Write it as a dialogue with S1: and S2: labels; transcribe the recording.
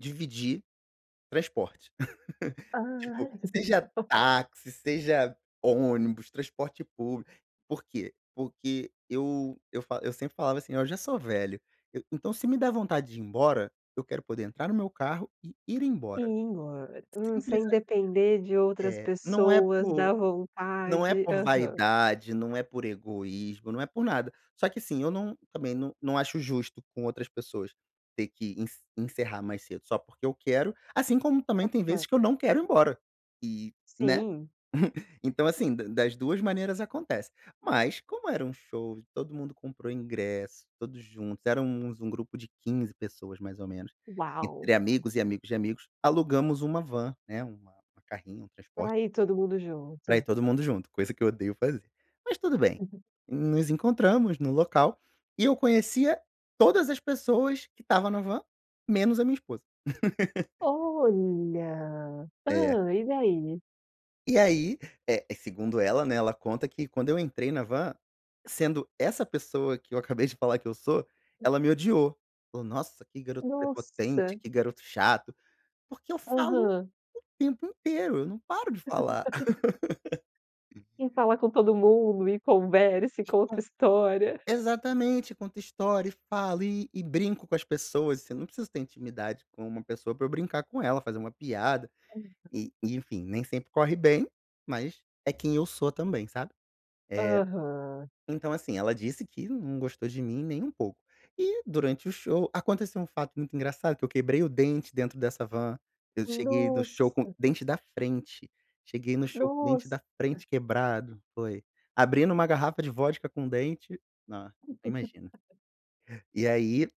S1: Dividir transporte, tipo
S2: Ah..
S1: seja táxi, seja ônibus, transporte público, por quê? Porque eu eu fa eu sempre falava assim eu já sou velho eu então se me der vontade de ir embora eu quero poder entrar no meu carro e ir embora.
S2: [unintelligible] Hum,
S1: Simples
S2: sem
S1: a
S2: depender de outras
S1: É, não é
S2: pessoas, da
S1: por não é
S2: vontade.
S1: por
S2: Aham.
S1: vaidade, não é por egoísmo, não é por nada. Só que assim, eu não também não não acho justo com outras pessoas ter que ence encerrar mais cedo só porque eu quero, assim como também tem vezes
S2: Aham.
S1: que eu não quero ir embora e né.
S2: Sim.
S1: Então assim da das duas maneiras acontece. Mas como era um show que todo mundo comprou ingresso, todos juntos, éramos um grupo de 15 pessoas mais ou menos,
S2: Uau.
S1: entre amigos e amigos de amigos, alugamos uma van, né, uma carrinha, um transporte
S2: Para ir todo mundo
S1: pra ir
S2: junto.
S1: todo mundo junto, coisa que eu odeio fazer. Mas tudo bem,
S2: Uhum.
S1: nos encontramos no local e eu conhecia todas as pessoas que estava na van menos a minha esposa.
S2: Olha,
S1: É.
S2: hã, e daí?
S1: E aí, eh, segundo ela né, ela conta que quando eu entrei na van, sendo essa pessoa que eu acabei de falar que eu sou, ela me odiou, falou nossa que garoto prepotente,
S2: Nossa!
S1: que garoto chato, porque eu falo
S2: Aham.
S1: o tempo inteiro, eu não paro de falar.
S2: Que fala com todo mundo e conversa e
S1: E
S2: conta
S1: com
S2: história.
S1: exatamente, conto história e falo e e brinco com as pessoas, eu não preciso ter intimidade com uma pessoa pra eu brincar com ela, fazer uma piada
S2: Aham.
S1: e e enfim, nem sempre corre bem, mas é quem eu sou também, sabe. Eh,
S2: Aham.
S1: então assim, ela disse que não gostou de mim nem um pouco. E durante o show, aconteceu um fato muito engraçado que eu quebrei o dente dentro dessa van, eu cheguei no show com
S2: Nossa.
S1: dente da frente, cheguei no show com dente da
S2: Nossa.
S1: frente quebrado. Foi abrindo uma garrafa de vodca com o dente, nossa nem imagina. E aí